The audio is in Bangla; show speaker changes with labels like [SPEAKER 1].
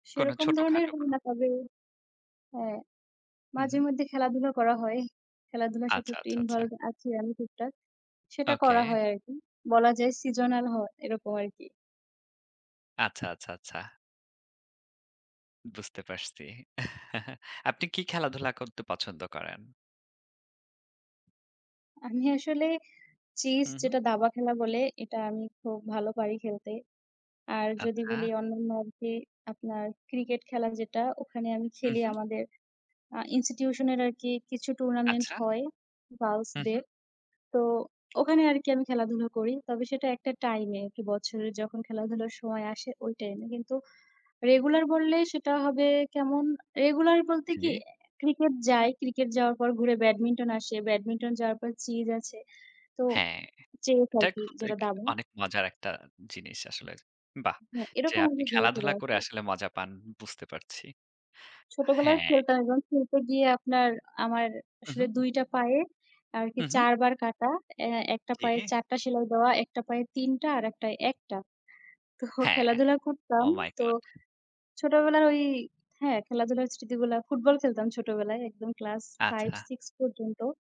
[SPEAKER 1] কোনো
[SPEAKER 2] সেরকম
[SPEAKER 1] ছোট
[SPEAKER 2] ধরনের
[SPEAKER 1] খাটো কোনো।
[SPEAKER 2] না হলেও হ্যাঁ,
[SPEAKER 1] হুম,
[SPEAKER 2] মাঝে
[SPEAKER 1] হুম।
[SPEAKER 2] মধ্যে খেলাধুলা করা হয়। খেলাধুলার সাথে
[SPEAKER 1] আচ্ছা,
[SPEAKER 2] একটু
[SPEAKER 1] আচ্ছা, আচ্ছা।
[SPEAKER 2] involve আছি আমি টুকটাক। সেটা
[SPEAKER 1] ওকে।
[SPEAKER 2] করা হয় আরকি। বলা যায় seasonal হয়, এরকম আরকি।
[SPEAKER 1] আচ্ছা, আচ্ছা, আচ্ছা। বুঝতে পারছি। আপনি কী খেলাধুলা করতে পছন্দ করেন?
[SPEAKER 2] আমি আসলে চেজ
[SPEAKER 1] হুম, হুম।
[SPEAKER 2] যেটা দাবা খেলা বলে, এটা আমি খুব ভালো পারি খেলতে। আর যদি বলি
[SPEAKER 1] আচ্ছা।
[SPEAKER 2] অন্যান্য আরকি আপনার cricket খেলা যেটা ওখানে আমি
[SPEAKER 1] হুম,
[SPEAKER 2] খেলি।
[SPEAKER 1] হুম।
[SPEAKER 2] আমাদের আ institution-এর আরকি কিছু tournament
[SPEAKER 1] আচ্ছা।
[SPEAKER 2] হয়
[SPEAKER 1] হুম, হুম।
[SPEAKER 2] girls-দের। তো ওখানে আরকি আমি খেলাধুলা করি। তবে সেটা একটা time এ, একটু বছরের যখন খেলাধুলার সময় আসে ওই time এ। কিন্তু regular বললেই সেটা হবে কেমন? regular বলতে কি
[SPEAKER 1] জ্বি।
[SPEAKER 2] cricket যায়, cricket যাওয়ার পর ঘুরে badminton আসে, badminton যাওয়ার পর চেজ আছে। তো
[SPEAKER 1] হ্যাঁ,
[SPEAKER 2] চেজ
[SPEAKER 1] এটা
[SPEAKER 2] আরকি
[SPEAKER 1] খুব
[SPEAKER 2] যেটা
[SPEAKER 1] এক
[SPEAKER 2] দাবা।
[SPEAKER 1] অনেক মজার একটা জিনিস আসলে। বাহ!
[SPEAKER 2] হ্যাঁ,
[SPEAKER 1] যে
[SPEAKER 2] এরকম
[SPEAKER 1] আপনি
[SPEAKER 2] আমি ঘুরে ফিরে
[SPEAKER 1] খেলাধুলা করে
[SPEAKER 2] আসে।
[SPEAKER 1] আসলে মজা পান বুঝতে পারছি।
[SPEAKER 2] ছোটবেলায়
[SPEAKER 1] হ্যাঁ।
[SPEAKER 2] খেলতাম এবং খেলতে গিয়ে আপনার আমার আসলে
[SPEAKER 1] হুম, হুম।
[SPEAKER 2] ২ টা পায়ে আরকি
[SPEAKER 1] হুম, হুম।
[SPEAKER 2] ৪ বার কাটা, আ ১ টা পায়ে
[SPEAKER 1] জ্বি।
[SPEAKER 2] ৪ টা সেলাই দেওয়া, একটা পায়ে ৩ টা, আরেকটায় ১ টা। তো
[SPEAKER 1] হ্যাঁ।
[SPEAKER 2] খেলাধুলা করতাম।
[SPEAKER 1] Oh my
[SPEAKER 2] তো
[SPEAKER 1] God!
[SPEAKER 2] ছোটবেলার ওই হ্যাঁ, খেলাধুলার স্মৃতিগুলা football খেলতাম ছোটবেলায় একদম class 5
[SPEAKER 1] আচ্ছা।
[SPEAKER 2] 6 পর্যন্ত।